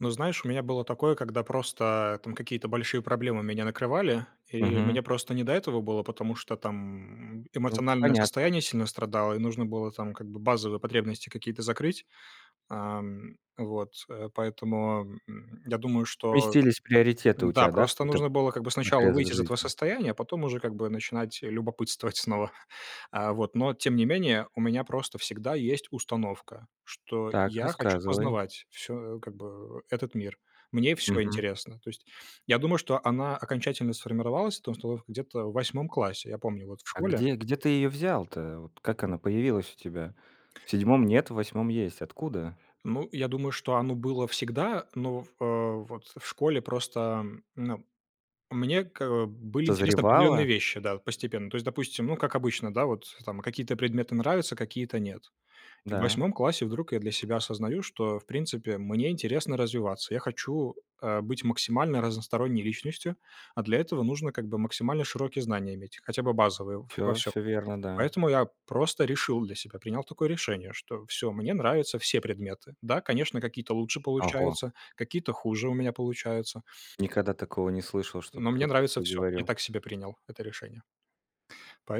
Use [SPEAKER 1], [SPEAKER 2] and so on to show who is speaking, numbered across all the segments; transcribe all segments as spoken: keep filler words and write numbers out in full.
[SPEAKER 1] Ну, знаешь, у меня было такое, когда просто, там, какие-то большие проблемы меня накрывали, и
[SPEAKER 2] Мгм.
[SPEAKER 1] мне просто не до этого было, потому что, там,
[SPEAKER 2] Ну,
[SPEAKER 1] эмоциональное
[SPEAKER 2] понятно.
[SPEAKER 1] состояние сильно страдало, и нужно было, там, как бы, базовые потребности какие-то закрыть. Ам, вот э, поэтому, м, я думаю, что
[SPEAKER 2] Сместились приоритеты у
[SPEAKER 1] да,
[SPEAKER 2] тебя, да, в
[SPEAKER 1] просто
[SPEAKER 2] какой-то
[SPEAKER 1] нужно было, как бы, сначала
[SPEAKER 2] отрезок
[SPEAKER 1] выйти из этого
[SPEAKER 2] жизни?
[SPEAKER 1] состояния, а потом уже, как бы, начинать любопытствовать снова. А, вот, но тем не менее, у меня просто всегда есть установка, что
[SPEAKER 2] Так,
[SPEAKER 1] я хочу
[SPEAKER 2] рассказывай.
[SPEAKER 1] познавать всё, как бы, этот мир, мне всё
[SPEAKER 2] Мгм.
[SPEAKER 1] интересно. То есть я думаю, что она окончательно сформировалась, эта установка, где-то в восьмом классе, я помню, вот, в
[SPEAKER 2] А
[SPEAKER 1] школе
[SPEAKER 2] где где ты ее взял-то? Как она появилась у тебя? В седьмом нет, в восьмом есть. Откуда?
[SPEAKER 1] Ну, я думаю, что оно было всегда, но, а, вот, в школе просто, а, ну, мне, к э, были интересны определенные
[SPEAKER 2] Созревала?
[SPEAKER 1] вещи да, вот, постепенно. То есть, допустим, ну, как обычно, да, вот, там, какие-то предметы нравятся, какие-то нет. И в
[SPEAKER 2] Да.
[SPEAKER 1] восьмом классе вдруг я для себя осознаю, что, в принципе, мне интересно развиваться. Я хочу, э, быть максимально разносторонней личностью. А для этого нужно, как бы максимально широкие знания иметь, хотя бы базовые, в во
[SPEAKER 2] Всё,
[SPEAKER 1] всём.
[SPEAKER 2] всё верно, да.
[SPEAKER 1] Поэтому я просто решил для себя, принял такое решение, что всё, мне нравятся все предметы. Да, конечно, какие-то лучше
[SPEAKER 2] Ого.
[SPEAKER 1] получаются, какие-то хуже у меня получаются
[SPEAKER 2] Никогда такого не слышал, чтобы
[SPEAKER 1] но мне
[SPEAKER 2] кто-то
[SPEAKER 1] нравится
[SPEAKER 2] такое
[SPEAKER 1] всё. Я
[SPEAKER 2] говорил.
[SPEAKER 1] так себе принял это решение.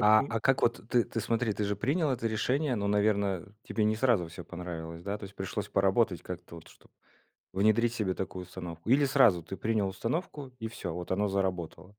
[SPEAKER 2] А а как вот, ты ты смотри, ты же принял это решение, но, наверно, тебе не сразу всё понравилось, да? То есть, пришлось поработать как-то, вот, чтоб внедрить себе такую установку, или сразу- ты принял установку и всё, вот, оно заработало?